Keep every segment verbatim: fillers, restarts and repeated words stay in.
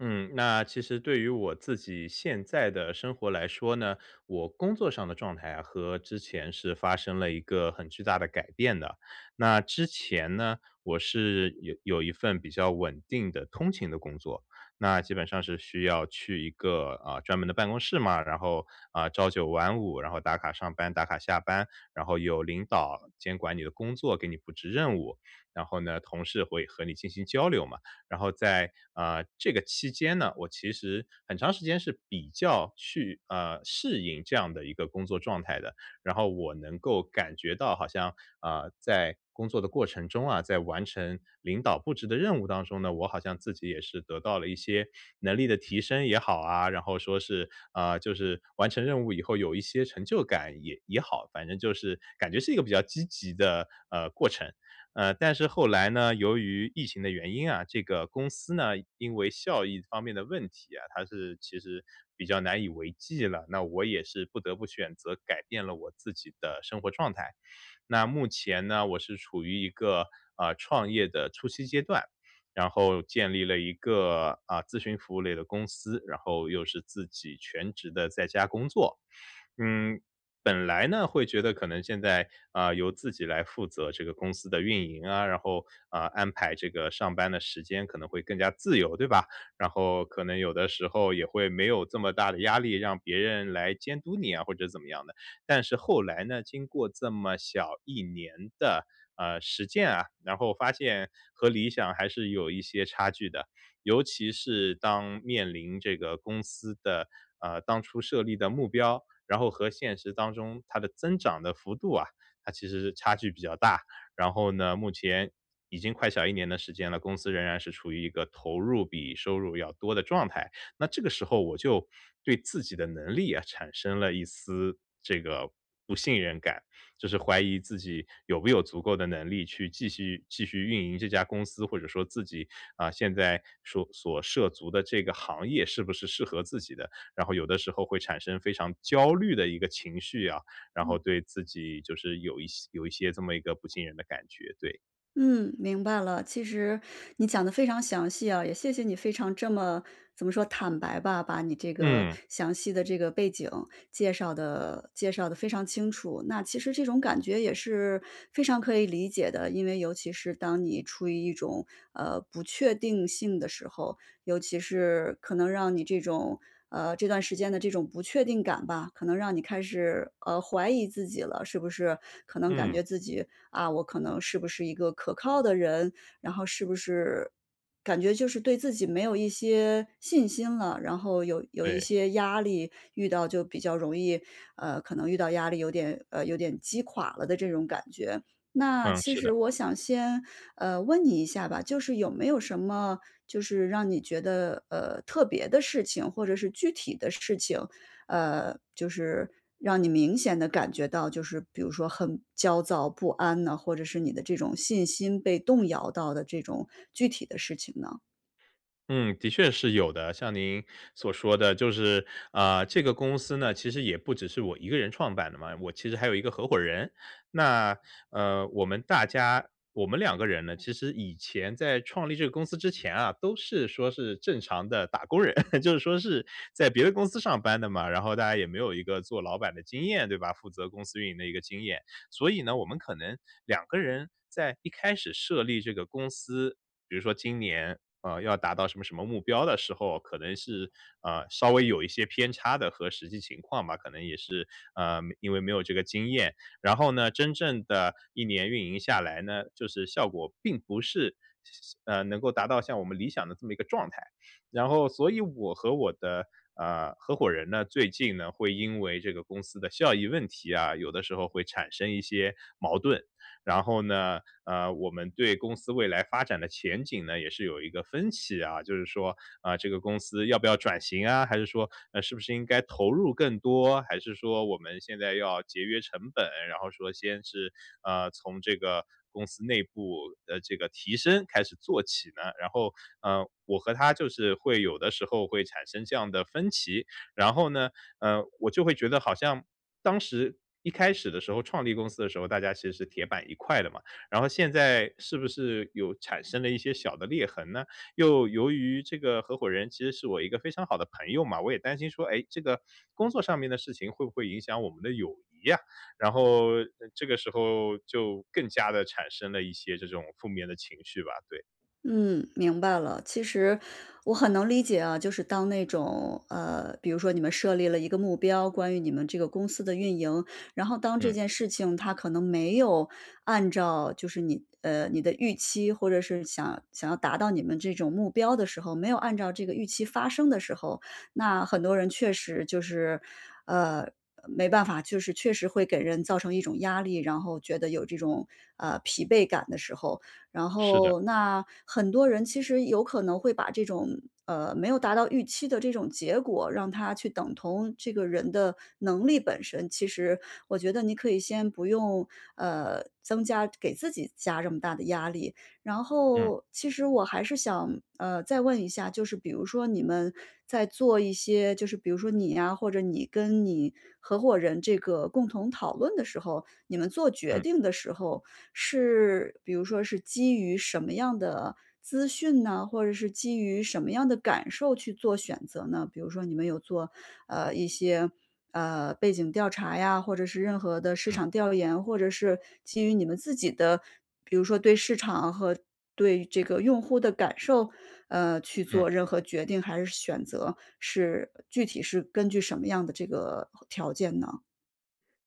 嗯，那其实对于我自己现在的生活来说呢，我工作上的状态呀和之前是发生了一个很巨大的改变的。那之前呢，我是有有一份比较稳定的通勤的工作。那基本上是需要去一个，呃，专门的办公室嘛。然后，呃，朝九晚五，然后打卡上班、打卡下班。然后有领导兼管你的工作，给你布置任务。然后呢，同事会和你进行交流嘛。然后在，啊，这个期间呢，我其实很长时间是比较去啊，适应这样的一个工作状态的。然后我能够感觉到好像啊，在工作的过程中啊，在完成领导布置的任务当中呢，我好像自己也是得到了一些，能力的提升也好啊，然后说是啊，就是完成任务以后有一些成就感也也好。反正就是感觉是一个比较积极的，呃，过程。呃，但是后来呢，由于疫情的原因啊，这个公司呢因为效益方面的问题啊，它是其实比较难以为继了。那我也是不得不选择改变了我自己的生活状态。那目前呢，我是处于一个，呃，创业的初期阶段。然后建立了一个，啊，咨询服务类的公司。然后又是自己全职地在家工作。嗯，本来呢，会觉得可能现在，啊，由自己来负责这个公司的运营啊，然后，呃，安排这个上班的时间可能会更加自由，对吧？然后，可能有的时候也会没有这么大的压力让别人来监督你啊，或者怎么样的。但是后来呢，经过这么小一年的，呃，实践啊，然后发现，和理想还是有一些差距的。尤其是当面临这个公司的呃，当初设立的目标，然后和现实当中它的增长的幅度啊，它其实是差距比较大。然后呢，目前已经快小一年的时间了，公司仍然是处于一个投入比收入要多的状态。那这个时候我就对自己的能力啊产生了一丝这个不信任感。就是怀疑自己有没有足够的能力去继续继续运营这家公司，或者说自己，啊，现在所所涉足的这个行业是不是适合自己的，然后有的时候会产生非常焦虑的一个情绪啊。然后嗯。对自己就是有一些有一些这么一个不信任的感觉。对。嗯，明白了，其实你讲的非常详细啊，也谢谢你非常这么怎么说，坦白吧，把你这个嗯。详细的这个背景，介绍的介绍的非常清楚。那其实这种感觉也是非常可以理解的，因为尤其是当你处于一种，呃，不确定性的时候，尤其是可能让你这种呃，这段时间的这种不确定感吧，可能让你开始，呃，怀疑自己了，是不是可能感嗯。觉自己啊，我可能是不是一个可靠的人？然后是不是感觉就是对自己没有一些信心了，然后有有一对。些压力遇到就比较容易呃，可能遇到压力有点呃，有点击垮了的这种感觉。那嗯，其是实的。我想先，呃，问你一下吧，就是有没有什么就是让你觉得，呃，特别的事情或者是具体的事情，呃，就是让你明显地感觉到，就是比如说很焦躁不安呢？或者是你的这种信心被动摇到的这种具体的事情呢？嗯，的确是有的，像您所说的就是，呃，这个公司呢其实也不只是我一个人创办的嘛，我其实还有一个合伙人。那呃，我们大家我们两个人呢，其实以前在创立这个公司之前啊，都是说是正常的打工人。就是说是在别的公司上班的嘛，然后大家也没有一个做老板的经验，对吧。负责公司运营的一个经验。所以呢，我们可能两个人在，一开始设立这个公司比如说今年，呃，要达到什么什么目标的时候，可能是，呃，稍微有一些偏差的和实际情况吧，可能也是，呃，因为没有这个经验。然后呢，真正的一年运营下来呢，就是效果并不是，呃，能够达到像我们理想的这么一个状态，然后所以我和我的，呃，合伙人呢，最近呢会因为这个公司的效益问题啊，有的时候会产生一些矛盾。然后呢，呃，我们对公司未来发展的前景呢也是有一个分歧啊，就是说，呃，这个公司要不要转型啊，还是说是不是应该投入更多，还是说我们现在要节约成本，然后说先是，呃，从这个公司内部的这个提升开始做起呢？然后，呃，我和他就是会有的时候会产生这样的分歧，然后呢，呃，我就会觉得好像当时一开始的时候，创立公司的时候，大家其实是铁板一块的嘛，然后现在是不是有产生了一些小的裂痕呢？又由于这个合伙人其实是我一个非常好的朋友嘛，我也担心说，诶，这个工作上面的事情会不会影响我们的友谊啊，然后这个时候就更加的产生了一些这种负面的情绪吧，对。嗯，明白了，其实我很能理解啊，就是当那种呃，比如说你们设立了一个目标，关于你们这个公司的运营。然后当这嗯。件事情它可能没有按照就是你呃，你的预期，或者是想想要达到你们这种目标的时候没有按照这个预期发生的时候，那很多人确实就是呃，没办法，就是确实会给人造成一种压力。然后觉得有这种，啊，疲惫感的时候，然是的。后那很多人其实有可能会把这种呃，没有达到预期的这种结果，让它去等同这个人的能力本身，其实我觉得你可以先不用，呃，增加给自己加这么大的压力。然嗯。后其实我还是想，呃，再问一下，就是比如说你们在做一些就是比如说你呀，或者你跟你合伙人这个共同讨论的时候，你们做决嗯。定的时候是比如说是基于什么样的资讯呢，或者是基于什么样的感受去做选择呢？比如说你们有做，呃，一些，呃，背景调查呀，或者是任何的市嗯。场调研，或者是基于你们自己的比如说对市场和对这个用户的感受，呃，去做嗯。任何决定，还是选择是具体是根据什么样的这个条件呢？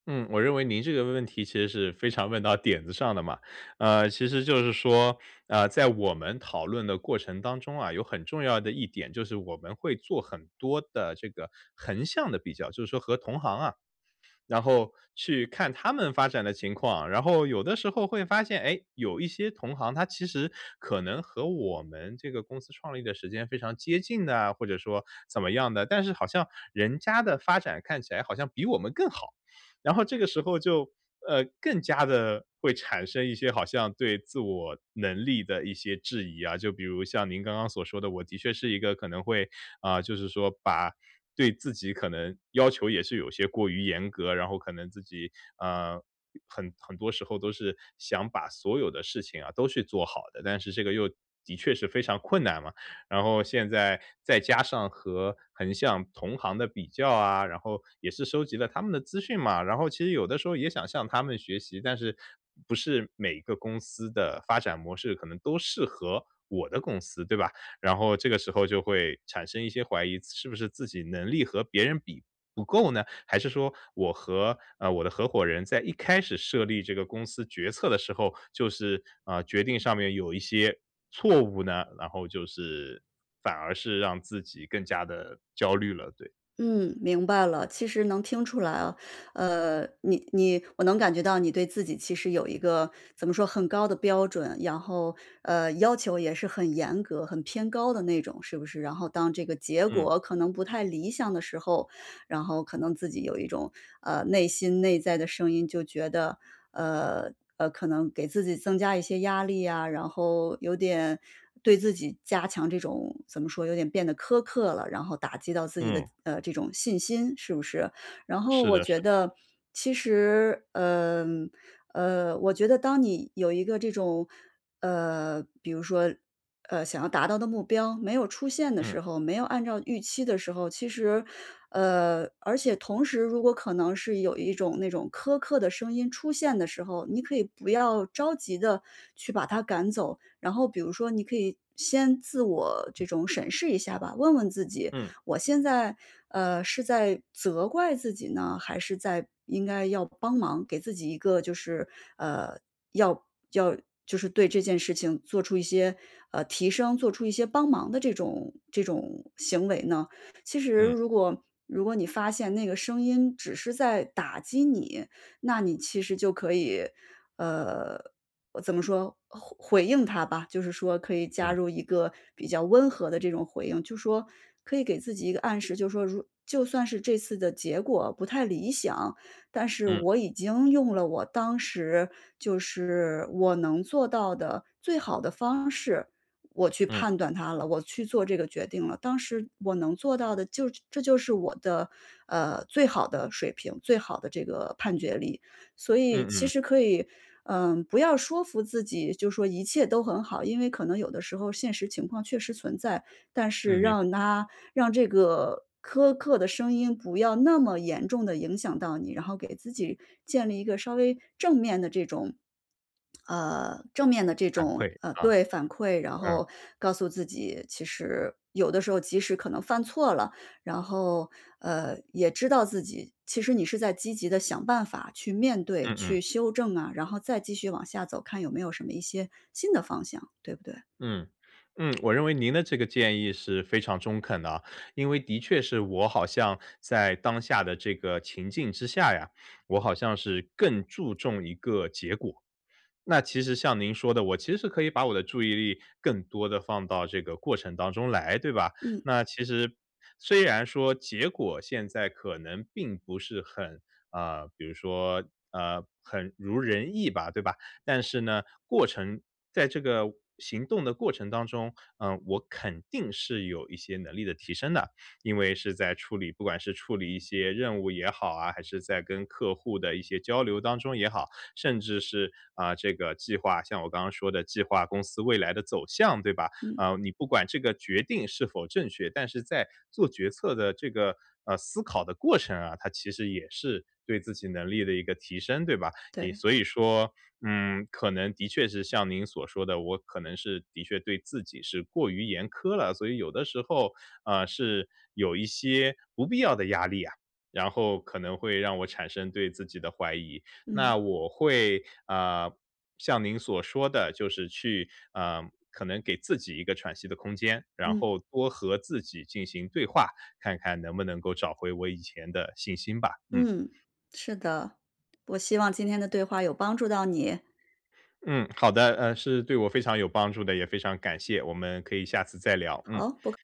嗯，我认为您这个问问题其实是非常问到点子上的嘛。呃，其实就是说，呃，在我们讨论的过程当中啊，有很重要的一点就是我们会做很多的这个横向的比较，就是说和同行啊，然后去看他们发展的情况。然后有的时候会发现，诶，有一些同行，他其实可能和我们这个公司创立的时间非常接近的啊，或者说怎么样的，但是好像人家的发展看起来好像比我们更好。然后这个时候就，呃，更加地会产生一些好像对自我能力的一些质疑啊，就比如像您刚刚所说的，我的确是一个可能会呃，就是说把对自己可能要求也是有些过于严格，然后可能自己呃，很很多时候都是想把所有的事情啊，都去做好的，但是这个又的确是非常困难嘛。然后现在再加上和横向同行的比较啊，然后也是收集了它们的资讯嘛，然后其实有的时候也想向它们学习，但是不是每个公司的发展模式可能都适合我的公司，对吧？然后这个时候就会产生一些怀疑，是是不是自己能力和别人比不够呢？还是说我和，呃，我的合伙人在一开始设立这个公司决策的时候就是，嗯，决定上面有一些错误呢，然后就是反而是让自己更加地焦虑了。对。嗯，明白了，其实能听出来啊。呃，你你我能感觉到你对自己其实有一个怎么说，很高的标准，然后，呃，要求也是很严格、很偏高的那种，是不是？然后当这个结嗯。果可能不太理想的时候，然后可能自己有一种，呃，内心内在的声音就觉得呃，呃，可能给自己增加一些压力呀。然后有点对自己加强这种怎么说，有点变得苛刻了，然后打击到自己的，嗯。呃，这种信心，是不是？然后是我的是觉的。得，其实，呃，呃，我觉得当你有一个这种，呃，比如说，呃，想要达到的目标没有出现的嗯。时候，没有按照预期的时候。其实呃，而且同时如果可能是有一种那种苛刻的声音出现的时候，你可以不要着急地去把它赶走。然后比如说你可以先自我这种审视一下吧，问问自己，嗯。我现在，呃，是在责怪自己呢？还是在应该要帮忙给自己一个就是呃，要要就是对这件事情做出一些，呃，提升，做出一些帮忙的这种这种行为呢？其实嗯。如果如果你发现那个声音只是在打击你，那你其实就可以呃，怎么说，回回应它吧，就是说可以加嗯。入一个比较温和的这种回应。就说可以给自己一个暗示，就说如就算是这次的结果不太理想，但是嗯。我已经用了我当时，就是我能做到的最好的方式，我去嗯。判断它了。我去做这个决定了，当时我能做到的就是这就是我的，呃，最好的水平，最好的这个判决力。所以嗯其嗯。实可以嗯，不要说服自己，就说一切都很好，因为可能有的时候现实情况确实存在。但嗯，是没错。让它，让这个苛刻的声音不要那么严重的影响到你。然后给自己建立一个稍微正面的这种呃，正面的这反种，馈。呃啊，对，反馈，然嗯。后告诉自己，其实有的时候即使可能犯错了，然后呃，也知道自己其实你是在积极的想办法去面对，嗯嗯。去修正啊，然后再继续往下走，看有没有什么一些新的方向，对不对？嗯，嗯，我认为您的这个建议是非常中肯的。因为的确是我好像在当下的这个情景之下呀，我好像是更注重一个结果。那其实像您说的，我其实可以把我的注意力更多的放到这个过程当中来，对吧？嗯。那其实虽然说结果现在可能并不是很，呃，比如说呃，很如人意吧，对吧？但是呢，过程在这个行动的过程当中，呃，我肯定是有一些能力的提升的，因为是在处理不管是处理一些任务也好啊，还是在跟客户的一些交流当中也好，甚至是啊，这个计划像我刚刚说的计划公司未来的走向，对吧？嗯。啊，你不管这个决定是否正确，但是在做决策的这个，呃，思考的过程啊，他其实也是对自己能力的一个提升，对吧？你对。所以说，嗯，可能的确是像您所说的，我可能是的确对自己是过于严苛了，所以有的时候，啊，是有一些不必要的压力啊。然后可能会让我产生对自己的怀疑。嗯。那我会，啊，像您所说的就是去啊，可能给自己一个喘息的空间，然嗯。后多和自己进行对话，看看能不能够找回我以前的信心吧。嗯。嗯，是的，我希望今天的对话有帮助到你。嗯，好的。呃，是对我非常有帮助的，也非常感谢，我们可以下次再聊。嗯。好，不客